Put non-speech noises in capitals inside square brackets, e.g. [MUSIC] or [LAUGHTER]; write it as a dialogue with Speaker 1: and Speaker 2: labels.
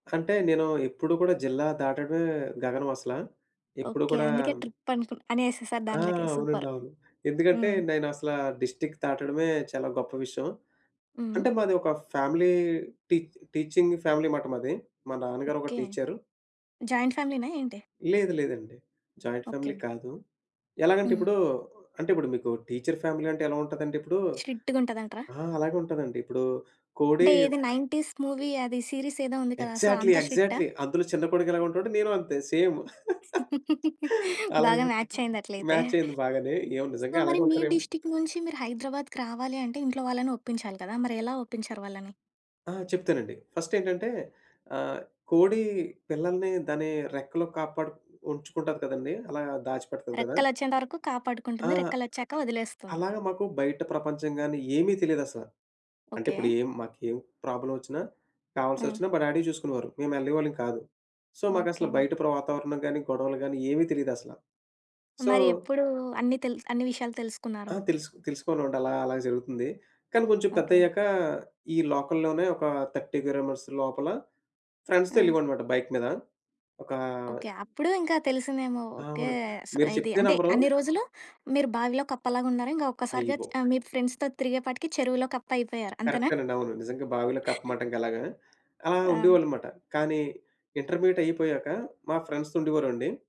Speaker 1: అంటే నేను ఎప్పుడు కూడా జిల్లా దాటడమే గగనం అసలా. ఎప్పుడు
Speaker 2: ఓకే.
Speaker 1: కూడా
Speaker 2: అందుకే ట్రిప్ అని ఏసేసారు
Speaker 1: ఆ!
Speaker 2: దాంట్లోకి.
Speaker 1: అవునండి.
Speaker 2: సూపర్!
Speaker 1: అవును. ఎందుకంటే,
Speaker 2: హ్మ్.
Speaker 1: నేను అసలా డిస్ట్రిక్ట్ దాటడమే చాలా గొప్ప విషయం.
Speaker 2: హ్మ్.
Speaker 1: అంటే, మాది ఒక ఫ్యామిలీ టీ టీచింగ్ ఫ్యామిలీ మాట మాది. మా నాన్నగారొక
Speaker 2: ఓకే.
Speaker 1: టీచరు.
Speaker 2: జాయింట్ ఫ్యామిలీనా ఏంటి?
Speaker 1: లేదు. లేదండి. Joint family
Speaker 2: okay.
Speaker 1: కాదు. ఎలాగంటే
Speaker 2: హ్మ్.
Speaker 1: ఇప్పుడు అంటే ఇప్పుడు మీకు టీచర్ ఫ్యామిలీ అంటే ఎలా ఉంటదంటే ఇప్పుడు
Speaker 2: స్ట్రిక్ట్‌గా ఉంటదంటరా?
Speaker 1: ఆ! అలాగే ఉంటాదండి. ఇప్పుడు కోడి
Speaker 2: అంటే ఏది 90స్ మూవీ అది సీరీస్ ఏదో ఉంది కదా? So,
Speaker 1: exactly.
Speaker 2: అంత స్ట్రిక్టా?
Speaker 1: ఎగ్జాక్ట్‌లీ. అందులో చిన్న కొడుకెలాగా ఉంటాడో నేను అంతే. సేమ్. [CHUCKLES]
Speaker 2: [LAUGHS] బాగా
Speaker 1: అలాగనమాట.
Speaker 2: మాచ్ అయ్యింది అట్లయితే.
Speaker 1: మాచ్ అయింది బాగానే. ఏమో నిజంగా
Speaker 2: సో, మరి
Speaker 1: అలాగే
Speaker 2: మీ
Speaker 1: ఉంటారేమో!
Speaker 2: డిస్ట్రిక్ట్ నుంచి మీరు హైదరాబాద్‌కి రావాలి అంటే ఇంట్లో వాళ్ళని ఒప్పించాలి కదా! మరి ఎలా ఒప్పించారు వాళ్ళని?
Speaker 1: ఆ! చెప్తానండి. ఫస్ట్ ఏంటంటే ఆహ్, కోడి పిల్లల్ని దాని రెక్కలో కాపాడు ఉంచుకుంటది కదండీ! అలా దాచిపెడతది కదా!
Speaker 2: రెక్కలొచ్చేంత వరకు
Speaker 1: ఆ!
Speaker 2: కాపాడుకుంటుంది. రెక్కలొచ్చాక వదిలేస్తుంది.
Speaker 1: అలాగా మాకు బయట ప్రపంచం గాని ఏమి తెలీదసల. అంటే
Speaker 2: ఓకే.
Speaker 1: ఇప్పుడేం మాకేం ప్రాబ్లమ్ వచ్చినా
Speaker 2: హ్మ్.
Speaker 1: కావాల్సొచ్చినా మా డ్యాడీ చూసుకునేవారు. మేము వెళ్ళేవాళ్ళం కాదు. సో,
Speaker 2: ఓకే
Speaker 1: మాకసలు బయట వాతావరణం గాని, గొడవలు గాని ఏమి తెలీదసల. సో
Speaker 2: మరి ఎప్పుడు అన్ని తెలు అన్ని విషయాలు తెలుసుకున్నారు?
Speaker 1: ఆ! తెలుసు తెలుసుకోనుండలా అలా జరుగుతుంది. కానీ కొంచెం
Speaker 2: ఓకే.
Speaker 1: పెద్దయ్యాక ఈ లోకల్‌లోనే ఒక 30 కిలోమీటర్స్ లోపల ఫ్రెండ్స్‌తో
Speaker 2: ఆ!
Speaker 1: ఎళ్ళేవాడనమాట బైక్ మీద. ఒకా
Speaker 2: ఓకే. అప్పుడు ఇంకా తెలిసిందేమో! ఓకే.
Speaker 1: అవును.
Speaker 2: స
Speaker 1: మీరు
Speaker 2: ఇది
Speaker 1: చెప్తే
Speaker 2: అంటే
Speaker 1: నమ్మరూ
Speaker 2: అన్ని రోజులు మీరు బావిలో కప్పలాగున్నారు. ఇంకా ఒక్కసారిగా
Speaker 1: అయిగో
Speaker 2: మీ ఫ్రెండ్స్‌తో తిరిగే పాటికి చెరువులో కప్ప అయిపోయారు అంతేనా?
Speaker 1: కరెక్టేనండి. అవును. నిజంగా బావిలో కప్ప
Speaker 2: [CHUCKLES]
Speaker 1: మాట అలాగా. అలా
Speaker 2: ఆ!
Speaker 1: ఉండేవాళ్ళన్నమాట. కానీ ఇంటర్మీడియేట్ అయిపోయాక మా ఫ్రెండ్స్ ఉండేవారండి.